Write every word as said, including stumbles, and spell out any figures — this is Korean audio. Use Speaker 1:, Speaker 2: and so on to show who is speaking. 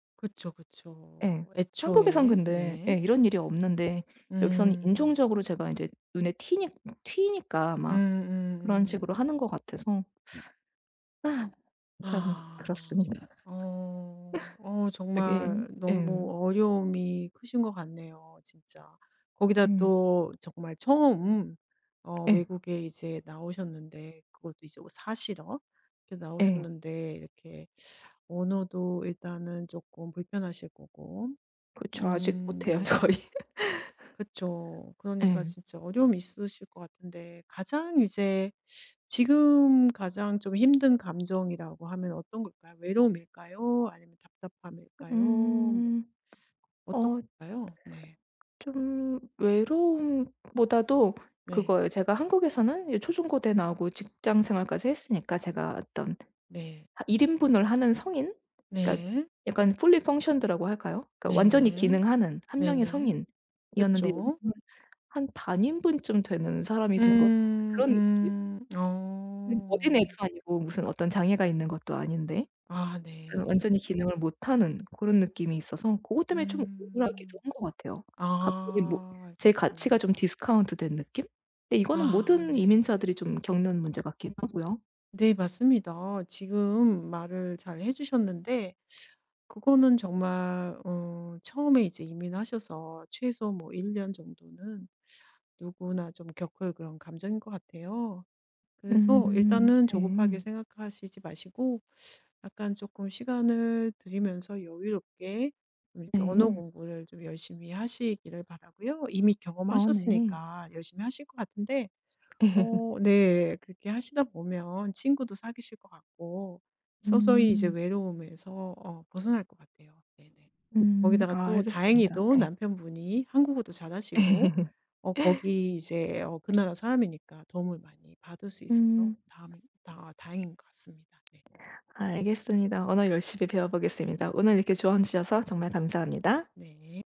Speaker 1: 그쵸,
Speaker 2: 예.
Speaker 1: 그쵸.
Speaker 2: 한국에선
Speaker 1: 애초에.
Speaker 2: 근데 예
Speaker 1: 네.
Speaker 2: 이런 일이 없는데 여기는
Speaker 1: 음.
Speaker 2: 인종적으로 제가 이제 눈에 튀니 튀니까
Speaker 1: 음
Speaker 2: 막
Speaker 1: 음
Speaker 2: 그런 식으로
Speaker 1: 음.
Speaker 2: 하는 것 같아서 아 참
Speaker 1: 아.
Speaker 2: 그렇습니다.
Speaker 1: 어 어
Speaker 2: 되게
Speaker 1: 정말
Speaker 2: 예.
Speaker 1: 너무 어려움이 크신 거 같네요 진짜. 거기다
Speaker 2: 음.
Speaker 1: 또 정말 처음 어
Speaker 2: 예.
Speaker 1: 외국에 이제 나오셨는데 그것도 이제 어 사시러 이렇게
Speaker 2: 예.
Speaker 1: 나오셨는데 이렇게 언어도 일단은 쪼끔 불편하실 거고.
Speaker 2: 그쵸. 아직
Speaker 1: 음
Speaker 2: 못 해요
Speaker 1: 네.
Speaker 2: 거의.
Speaker 1: 그쵸. 그러니까
Speaker 2: 예.
Speaker 1: 진짜 어려움이 있으실 것 같은데 가장 이제 지금 가장 좀 힘든 감정이라고 하면 어떤 걸까요? 외로움일까요? 아니면 답답함일까요? 뭐
Speaker 2: 음.
Speaker 1: 어떤
Speaker 2: 어.
Speaker 1: 걸까요? 네.
Speaker 2: 좀 외로움보다도
Speaker 1: 네.
Speaker 2: 그거예요. 제가 한국에서는 이 초중고대 나오고 직장생활까지 했으니까 제가
Speaker 1: 음
Speaker 2: 어떤
Speaker 1: 네.
Speaker 2: 하 일 인분을 하는 성인 그니까
Speaker 1: 네.
Speaker 2: 약간 fully functioned 라고 할까요? 그러니까 완전히
Speaker 1: 네네.
Speaker 2: 기능하는 한 명의
Speaker 1: 네네.
Speaker 2: 성인이었는데
Speaker 1: 그쵸.
Speaker 2: 여기서는 한 반 인분쯤 되는 사람이 된 거
Speaker 1: 음
Speaker 2: 그런 느낌.
Speaker 1: 음
Speaker 2: 음 어린애도
Speaker 1: 어.
Speaker 2: 아니고 무슨 어떤 장애가 있는 것도 아닌데
Speaker 1: 아
Speaker 2: 어
Speaker 1: 네.
Speaker 2: 완전히 기능을 못하는 고런 느낌이 있어서 고것 때문에 좀 억울하기도
Speaker 1: 음.
Speaker 2: 한 거 같아요. 갑자기 뭐
Speaker 1: 아
Speaker 2: 제 가치가 좀
Speaker 1: 알겠습니다.
Speaker 2: 디스카운트된 느낌? 근데 이거는
Speaker 1: 아
Speaker 2: 모든
Speaker 1: 네.
Speaker 2: 이민자들이 좀 겪는 문제 같기도 하고요.
Speaker 1: 네 맞습니다. 지금 말을 잘 해 주셨는데 그거는 정말 어 처음에 이제 이민하셔서 최소 뭐 일 년 정도는 누구나 좀 겪을 그런 감정일 것 같아요. 그래서
Speaker 2: 음
Speaker 1: 일단은 조급하게
Speaker 2: 네.
Speaker 1: 생각하시지 마시고 약간 쪼끔 시간을 들이면서 여유롭게 이렇게 언어
Speaker 2: 네.
Speaker 1: 공부를 좀 열심히 하시기를 바라고요. 이미
Speaker 2: 아 네.
Speaker 1: 경험하셨으니까 열심히 하실 것 같은데. 어 네 그렇게 하시다 보면 친구도 사귀실 것 같고 서서히 이제
Speaker 2: 음.
Speaker 1: 외로움에서 어 벗어날 것 같아요. 네네.
Speaker 2: 음
Speaker 1: 거기다가
Speaker 2: 아
Speaker 1: 또
Speaker 2: 알겠습니다.
Speaker 1: 다행히도
Speaker 2: 예.
Speaker 1: 남편분이 한국어도 잘하시고 어 거기 이제 어 그 나라 사람이니까 도움을 많이 받을 수 있어서
Speaker 2: 음.
Speaker 1: 다음에 다 다행인 것 같습니다. 네.
Speaker 2: 알겠습니다. 언어 열심히 배워 보겠습니다. 오늘 이렇게 조언 주셔서 정말 감사합니다.
Speaker 1: 네.